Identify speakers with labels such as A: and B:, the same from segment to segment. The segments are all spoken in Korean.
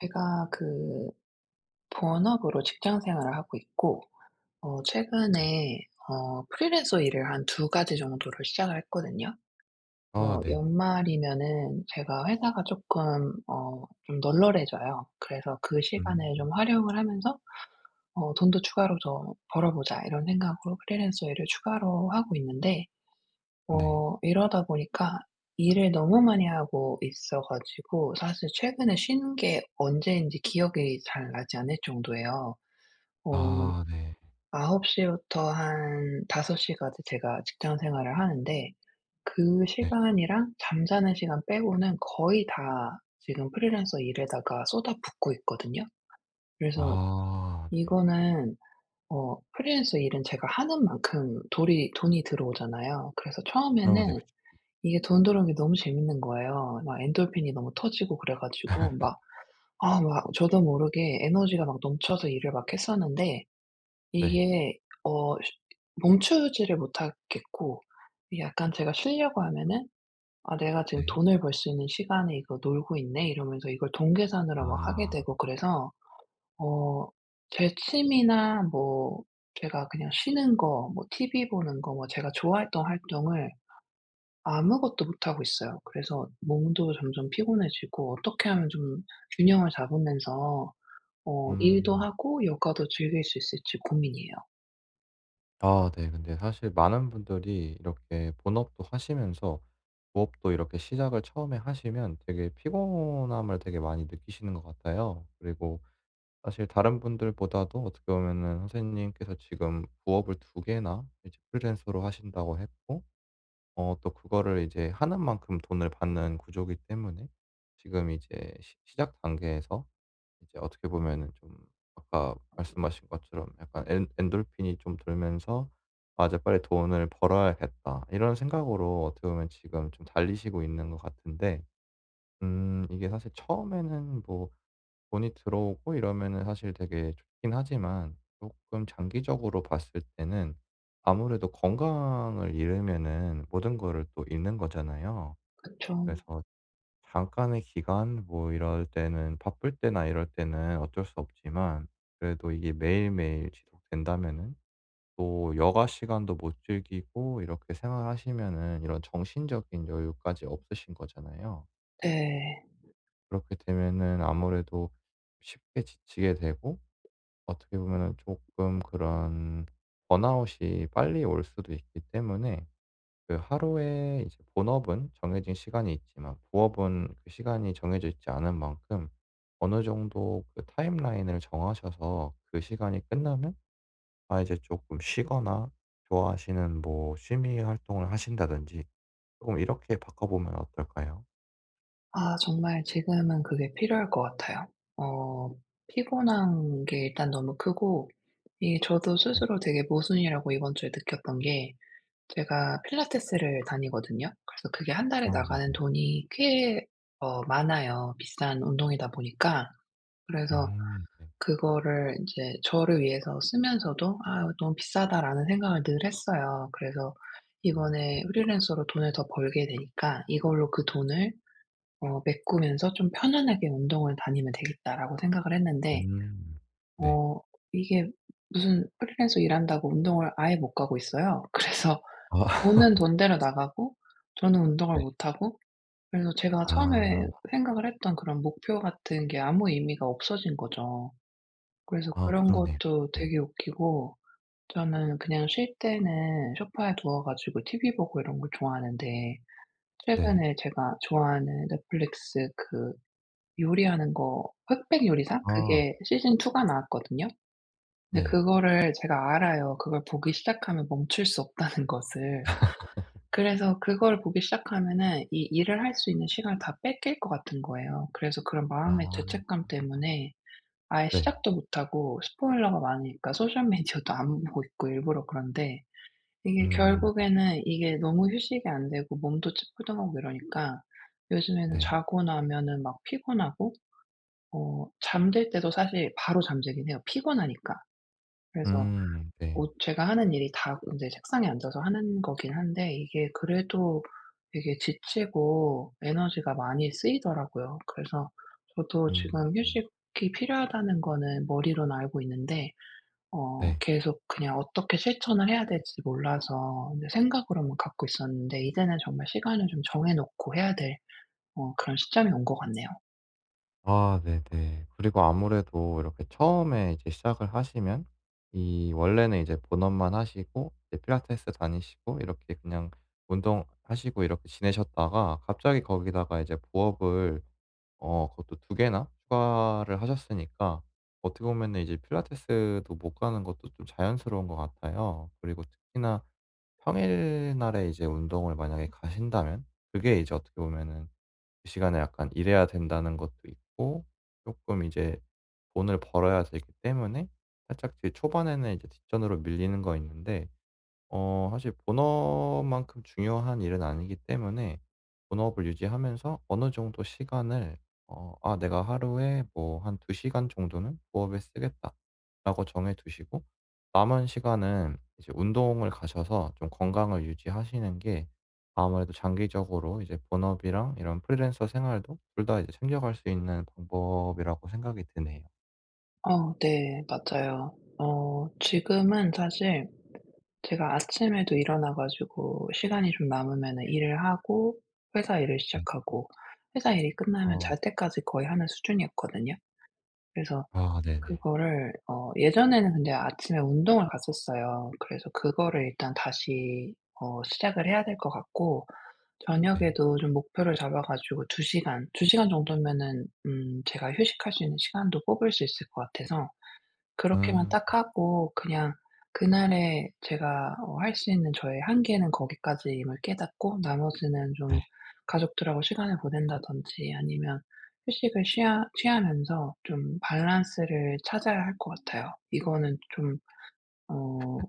A: 제가 그 본업으로 직장 생활을 하고 있고. 어 최근에 어 프리랜서 일을 한 2 가지 정도를 시작을 했거든요.
B: 아
A: 어
B: 네.
A: 연말이면은 제가 회사가 쪼끔 어 좀 널널해져요. 그래서 '그
B: 음.
A: 시간을 좀 활용을 하면서 어 돈도 추가로 더 벌어 보자.' 이런 생각으로 프리랜서 일을 추가로 하고 있는데.
B: 네.
A: 어 이러다 보니까 일을 너무 많이 하고 있어 가지고 사실 최근에 쉬는 게 언제인지 기억이 잘 나지 않을 정도예요. 어
B: 아 네.
A: 9:00 부터 한 5:00 까지 제가 직장 생활을 하는데 그
B: 네.
A: 시간이랑 잠자는 시간 빼고는 거의 다 지금 프리랜서 일에다가 쏟아붓고 있거든요. 그래서
B: 아 네.
A: 이거는 어 프리랜서 일은 제가 하는 만큼 돌이 돈이 들어오잖아요. 그래서
B: 어우 네.
A: 처음에는
B: 그쵸.
A: 이게 돈 들어오는 게 너무 재밌는 거예요. 막 엔돌핀이 너무 터지고 그래 가지고. 막 아 막 저도 모르게 에너지가 막 넘쳐서 일을 막 했었는데.
B: 네.
A: 이게 어 쉬 멈추지를 못하겠고. 이게 약간 제가 쉬려고 하면은 '아 내가 지금
B: 네.
A: 돈을 벌 수 있는 시간에 이거 놀고 있네?' 이러면서 이걸 돈 계산으로 막 하게
B: 아.
A: 되고 그래서. 어 제 취미나 뭐 제가 그냥 쉬는 거 뭐 티브이 보는 거 뭐 제가 좋아했던 활동을 아무것도 못하고 있어요. 그래서 몸도 점점 피곤해지고 어떻게 하면 좀 균형을 잡으면서 어 일도
B: 음.
A: 하고 요가도 즐길 수 있을지 고민이에요.
B: 아 네. 근데 사실 많은 분들이 이렇게 본업도 하시면서 부업도 이렇게 시작을 처음에 하시면 되게 피곤함을 되게 많이 느끼시는 것 같아요. 그리고 사실 다른 분들보다도 어떻게 보면은 선생님께서 지금 부업을 2 개나 이제 프리랜서로 하신다고 했고 어 또 그거를 이제 하는 만큼 돈을 받는 구조기 때문에 지금 이제 시 시작 단계에서 이제 어떻게 보면은 좀 아까 말씀하신 것처럼 약간 엔 엔도르핀이 좀 돌면서 '아 이제 빨리 돈을 벌어야겠다.' 이런 생각으로 어떻게 보면 지금 좀 달리시고 있는 것 같은데 음 이게 사실 처음에는 뭐 돈이 들어오고 이러면은 사실 되게 좋기는 하지만 쪼끔 장기적으로 봤을 때는 아무래도 건강을 잃으면은 모든 거를 또 잃는 거잖아요.
A: 그쵸.
B: 그래서 잠깐의 기간 뭐 이럴 때는 바쁠 때나 이럴 때는 어쩔 수 없지만 그래도 이게 매일매일 지속된다면은 또 여가시간도 못 즐기고 이렇게 생활하시면은 이런 정신적인 여유까지 없으신 거잖아요.
A: 네.
B: 그렇게 되면은 아무래도 쉽게 지치게 되고 어떻게 보면은 쪼끔 그런 번아웃이 빨리 올 수도 있기 때문에 그 하루에 이제 본업은 정해진 시간이 있지만 부업은 그 시간이 정해져 있지 않은 만큼 어느 정도 그 타임라인을 정하셔서 그 시간이 끝나면 아 이제 쪼끔 쉬거나 좋아하시는 뭐 취미 활동을 하신다든지 쪼금 이렇게 바꿔 보면 어떨까요?
A: 아 정말 지금은 그게 필요할 것 같아요. 어 피곤한 게 일단 너무 크고 이 저도
B: 네.
A: 스스로 되게 모순이라고 이번 주에 느꼈던 게 제가 필라테스를 다니거든요. 그래서 그게 1 달에
B: 아
A: 나가는
B: 네네.
A: 돈이 꽤 어 많아요 비싼 운동이다 보니까. 그래서
B: 음 네.
A: 그거를 이제 저를 위해서 쓰면서도 '아 너무 비싸다.'라는 생각을 늘 했어요. 그래서
B: 음 네.
A: 이번에 '프리랜서로 돈을 더 벌게 되니까 이걸로 그 돈을 어 메꾸면서 좀 편안하게 운동을 다니면 되겠다.'라고 생각을 했는데
B: 음 네.
A: 어 이게 무슨 프리랜서 일한다고 운동을 아예 못 가고 있어요. 그래서 돈은 돈대로 나가고 저는 운동을
B: 네.
A: 못하고 그래서 제가 처음에
B: 아.
A: 생각을 했던 그런 목표 같은 게 아무 의미가 없어진 거죠. 그래서
B: 아
A: 그런
B: 그러네요.
A: 것도
B: 네.
A: 되게 웃기고 저는 그냥 쉴 때는 소파에 누워 가지고 티비 보고 이런 거 좋아하는데
B: 네.
A: 최근에 제가 좋아하는 넷플릭스 그 요리하는 거 흑백 요리사?
B: 아.
A: 그게 시즌 2 가 나왔거든요. 근데
B: 네.
A: 그거를 제가 알아요 그걸 보기 시작하면 멈출 수 없다는 것을. 그래서 그걸 보기 시작하면은 이 일을 할 수 있는 시간을 다 뺏길 것 같은 거예요. 그래서 그런
B: 아.
A: 마음의
B: 아아아.
A: 죄책감 때문에 아예
B: 네.
A: 시작도 못하고 스포일러가 많으니까 소셜 미디어도 안 보고 있고 일부러 그런데, 이게
B: 음음음.
A: 결국에는 이게 너무 휴식이 안되고 몸도 찌뿌둥하고 이러니까 요즘에는
B: 네.
A: 자고 나면은 막 피곤하고 어 잠들 때도 사실 바로 잠들기는 해요 피곤하니까. 그래서
B: 음 네.
A: 어 제가 하는 일이 다 인제 책상에 앉아서 하는 거기는 한데 이게 그래도 되게 지치고 에너지가 많이 쓰이더라고요. 그래서 저도
B: 음
A: 지금
B: 음.
A: '휴식이 필요하다.'는 거는 머리로는 알고 있는데 어
B: 네.
A: 계속 그냥 어떻게 실천을 해야 될지 몰라서 어 내 생각으로만 갖고 있었는데 이제는 정말 시간을 좀 정해 놓고 해야 될 어 그런 시점이 온 것 같네요.
B: 아 네네. 그리고 아무래도 이렇게 처음에 이제 시작을 하시면 이 원래는 이제 본업만 하시고 이제 필라테스 다니시고 이렇게 그냥 운동하시고 이렇게 지내셨다가 갑자기 거기다가 이제 부업을 어 그것도 2 개나 추가를 하셨으니까 어떻게 보면은 이제 필라테스도 못 가는 것도 좀 자연스러운 것 같아요. 그리고 특히나 평일날에 이제 운동을 만약에 가신다면 그게 이제 어떻게 보면은 그 시간에 약간 일해야 된다는 것도 있고 쪼끔 이제 돈을 벌어야 되기 때문에 살짝 그 초반에는 이제 뒷전으로 밀리는 건 있는데 어 사실 본업만큼 중요한 일은 아니기 때문에 본업을 유지하면서 어느 정도 시간을 어 '아 내가 하루에 뭐 1-2 시간 정도는 부업에 쓰겠다.' 라고 정해 두시고 남은 시간은 이제 운동을 가셔서 좀 건강을 유지하시는 게 아무래도 장기적으로 이제 본업이랑 이런 프리랜서 생활도 2 다 이제 챙겨갈 수 있는 방법이라고 생각이 드네요.
A: 어 네. 맞아요. 어 지금은 사실 제가 아침에도 일어나 가지고 시간이 좀 남으면은 일을 하고 회사 일을
B: 네.
A: 시작하고 회사 일이 끝나면 잘
B: 어.
A: 때까지 거의 하는 수준이었거든요. 그래서
B: 아 네네.
A: 그거를 어 예전에는 근데 아침에 운동을 갔었어요. 그래서 그거를 일단 다시 어 시작을 해야 될 것 같고
B: 네.
A: 저녁에도 좀 목표를 잡아 가지고 2 시간, 2 시간 정도면은 음 제가 휴식할 수 있는 시간도 뽑을 수 있을 것 같아서 그렇게만
B: 음.
A: 딱 하고 그냥 그날에 제가 어 할 수 있는 저의 한계는 거기까지임을 깨닫고 나머지는
B: 네.
A: 좀 가족들하고 시간을 보낸다든지 아니면 휴식을 취하 취하면서 좀 밸런스를 찾아야 할 것 같아요. 이거는 좀 어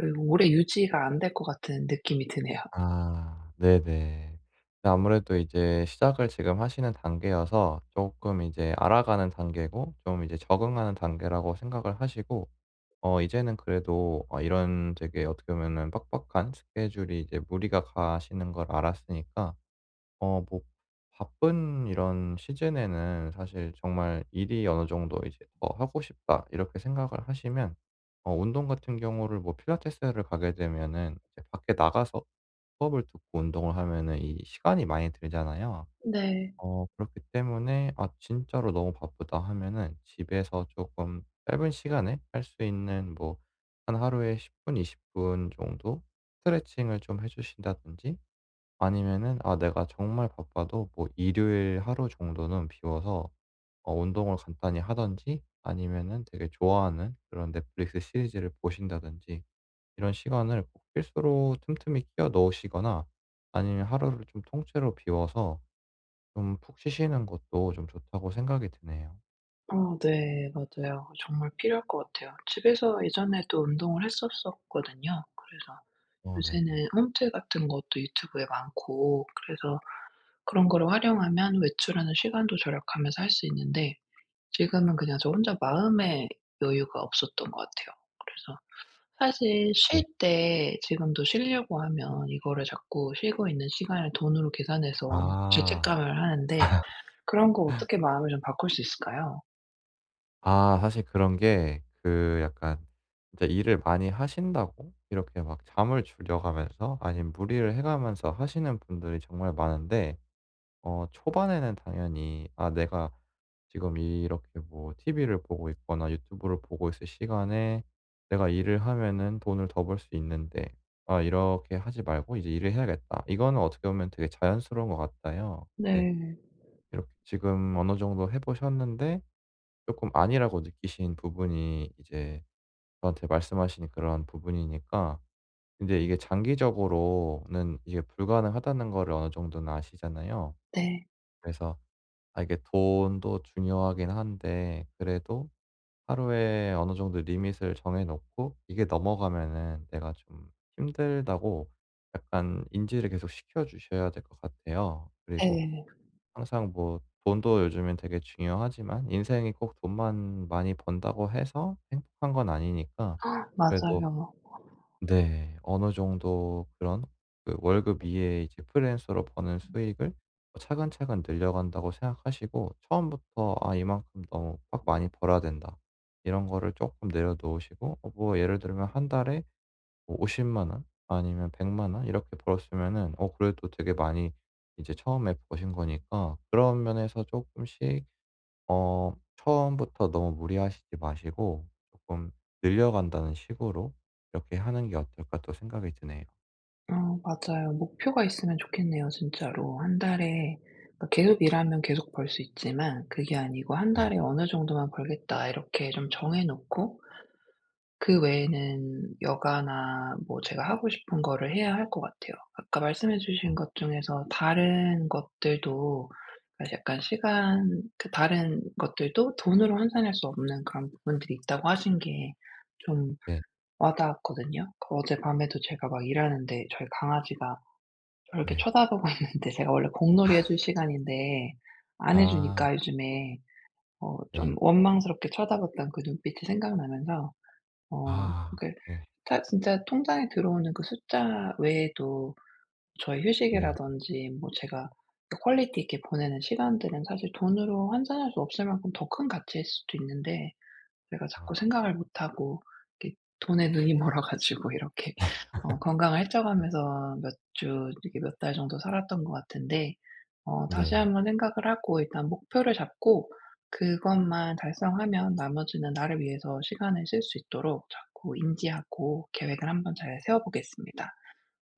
A: 으 오래 유지가 안될 것 같은 느낌이 드네요.
B: 아 네네. 네 아무래도 이제 시작을 지금 하시는 단계여서 쪼끔 이제 알아가는 단계고 좀 이제 적응하는 단계라고 생각을 하시고 어 이제는 그래도 어 이런 되게 어떻게 보면은 빡빡한 스케줄이 이제 무리가 가시는 걸 알았으니까 어 뭐 바쁜 이런 시즌에는 사실 정말 '일이 어느 정도 이제 더 하고 싶다.' 이렇게 생각을 하시면 어 운동 같은 경우를 뭐 필라테스를 가게 되면은 이제 밖에 나가서 수업을 듣고 운동을 하면은 이 시간이 많이 들잖아요.
A: 네.
B: 어 그렇기 때문에 '아 진짜로 너무 바쁘다.' 하면은 집에서 쪼끔 짧은 시간에 할 수 있는 뭐 한 하루에 10 분, 20 분 정도 스트레칭을 좀 해 주신다든지 아니면은 아 내가 정말 바빠도 뭐 일요일 하루 정도는 비워서 어 운동을 간단히 하든지 아니면은 되게 좋아하는 그런 넷플릭스 시리즈를 보신다든지 이런 시간을 꼭 필수로 틈틈이 끼워 넣으시거나 아니면 하루를 좀 통째로 비워서 좀 푹 쉬시는 것도 좀 좋다고 생각이 드네요.
A: 어 네 맞아요. 정말 필요할 것 같아요. 집에서 예전에도 운동을 했었었거든요. 그래서
B: 어 네네.
A: 요새는 홈트 같은 것도 유튜브에 많고 그래서 그런 거를 활용하면 외출하는 시간도 절약하면서 할 수 있는데 지금은 그냥 저 혼자 마음의 여유가 없었던 것 같아요. 그래서 사실 쉴
B: 네.
A: 때 지금도 쉬려고 하면 이거를 자꾸 쉬고 있는 시간을 돈으로 계산해서
B: 아.
A: 죄책감을 하는데 그런 거 어떻게 마음을 좀 바꿀 수 있을까요?
B: 아 사실 그런 게 그 약간 이제 일을 많이 하신다고 이렇게 막 잠을 줄여 가면서 아니면 무리를 해 가면서 하시는 분들이 정말 많은데 어 초반에는 당연히 '아 내가 지금 이렇게 뭐 TV를 보고 있거나 유튜브를 보고 있을 시간에 내가 일을 하면은 돈을 더 벌 수 있는데. 아 이렇게 하지 말고 이제 일을 해야겠다.' 이거는 어떻게 보면 되게 자연스러운 것 같아요. 네.
A: 네.
B: 비록 지금 어느 정도 해 보셨는데 쪼끔 아니라고 느끼신 부분이 이제 저한테 말씀하신 그러한 부분이니까 근데 이게 장기적으로는 이게 불가능하다는 거를 어느 정도는 아시잖아요.
A: 네.
B: 그래서 아 이게 돈도 중요하긴 한데 그래도 하루에 어느 정도 리밋을 정해 놓고 이게 넘어가면은 내가 좀 힘들다고 약간 인지를 계속 시켜주셔야 될 것 같아요. 그리고
A: 네.
B: 항상 뭐 돈도 요즘에 되게 중요하지만 인생이 꼭 돈만 많이 번다고 해서 행복한 건 아니니까 그래도
A: 맞아요.
B: 네 어느 정도 그런 그 월급 이외에 이제 프리랜서로 버는 수익을 뭐 '차근차근 늘려간다.'고 생각하시고 처음부터 '아 이만큼 너무 막 많이 벌어야 된다.' 이런 거를 쪼끔 내려놓으시고 어 뭐 예를 들면 1 달에 뭐 500,000 원 아니면 1,000,000 원 이렇게 벌었으면은 어 그래도 되게 많이 이제 처음에 버신 거니까 그런 면에서 쪼끔씩 어 '처음부터 너무 무리하시지 마시고 조금 늘려간다는 식으로 이렇게 하는 게 어떨까.' 또 생각이 드네요.
A: 어 맞아요. 목표가 있으면 좋겠네요 진짜로. 1 달에 그러니까 계속 일하면 계속 벌 수 있지만 그게 아니고 '1 달에
B: 네네.
A: 어느 정도만 벌겠다.' 이렇게 좀 정해 놓고 그 외에는 여가나 뭐 제가 하고 싶은 거를 해야 할 것 같아요. 아까 말씀해 주신
B: 아.
A: 것 중에서 다른 것들도 아 약간 시간 그 다른 것들도 돈으로 환산할 수 없는 그런 부분들이 있다고 하신 게 좀
B: 네.
A: 와 닿았거든요. 그 어젯밤에도 제가 막 일하는데 저희 강아지가 저를 이렇게
B: 네.
A: 쳐다보고 있는데 제가 원래 공놀이 해 줄 시간인데 안
B: 아.
A: 해주니까 요즘에 어 좀
B: 네.
A: 원망스럽게 쳐다봤던 그 눈빛이 생각나면서 어
B: 아아
A: 그러니까
B: 네.
A: 타 진짜 통장에 들어오는 그 숫자 외에도 저의
B: 네.
A: 휴식이라든지 뭐 제가 퀄리티 있게 보내는 시간들은 사실 돈으로 환산할 수 없을 만큼 더 큰 가치일 수도 있는데 내가
B: 아.
A: 자꾸 생각을 못 하고 이렇게 돈에 눈이 멀어 가지고 이렇게 어 건강을 해쳐 가면서 몇 주 이렇게 몇 달 정도 살았던 것 같은데 어 다시
B: 네.
A: 한번 생각을 하고 일단 목표를 잡고 그것만 달성하면 나머지는 나를 위해서 시간을 쓸 수 있도록 자꾸 인지하고 계획을 한번 잘 세워보겠습니다.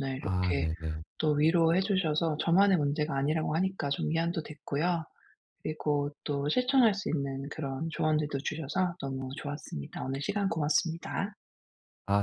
A: 네
B: 아
A: 이렇게
B: 네네.
A: 또 위로해 주셔서 저만의 문제가 아니라고 하니까 좀 위안도 됐고요 그리고 또 실천할 수 있는 그런 조언들도 주셔서 너무 좋았습니다. 오늘 시간 고맙습니다.
B: 아 네.